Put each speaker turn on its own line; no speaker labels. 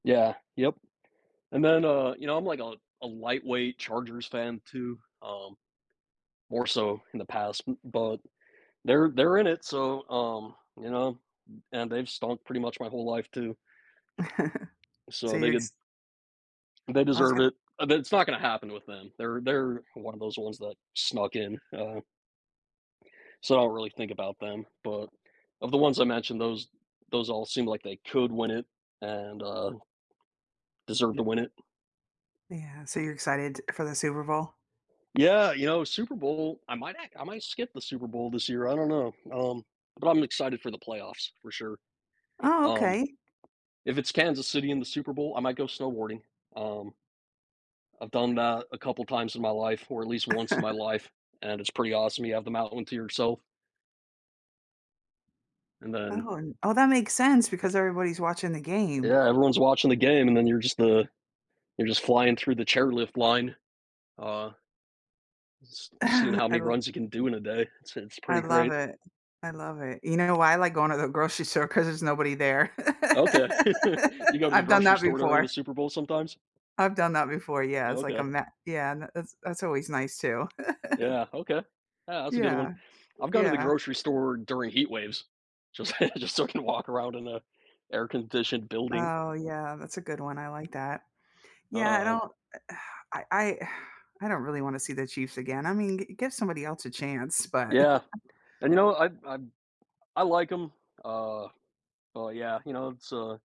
Yeah. Yep. And then, uh, you know, I'm like a a lightweight Chargers fan too, um, more so in the past, b but they're they're in it. So, um, you know? And they've stunk pretty much my whole life too.
So
So they
you're
could
ex
They
I was
deserve
go
it. That's not gonna happen with them. They're they're one of those ones that snuck in, um So I don't really think about them. But of the ones I mentioned, those those all seem like they could win it and, uh deserve to win it.
Yeah. So you're excited for the Super Bowl?
Yeah. You know, Super Bowl, I might act I might skip the Super Bowl this year. I don't know. Um, but I'm excited for the playoffs for sure.
Oh,
Um,
okay.
if it's Kansas City in the Super Bowl, I might go snowboarding. Um, I've done that a couple times in my life or at least once in my life, and it's pretty awesome. You have them out onto yourself. And then
Oh, oh, that makes sense because everybody's watching the game.
Yeah, everyone's watching the game, and then you're just, uh, you're just flying through the chairlift line. Uh just just seeing how
Ah, I
many
l
runs you can do in a day. It's it's
I
pretty
love
great.
it. I love it. You know why I like going to the grocery store? 'Cause there's nobody there.
Okay. You go to the
I've done
grocery
that
store during the
before.
Super Bowl sometimes?
I've done that before. Yeah. It's like a
Okay.
ma yeah. And tha that's that's always nice too.
Yeah. Okay. Ah, that's a good one.
Yeah.
I've gone to the
Yeah.
grocery store during heat waves. Just just so I can walk around in a air conditioned building.
Oh, yeah. That's a good one. I like that. Yeah. I
Um
don't I I I don't really wanna see the Chiefs again. I mean, g give somebody else a chance. But
Yeah. And, you know, I I I like 'em. Uh, oh, yeah. You know, it's, uh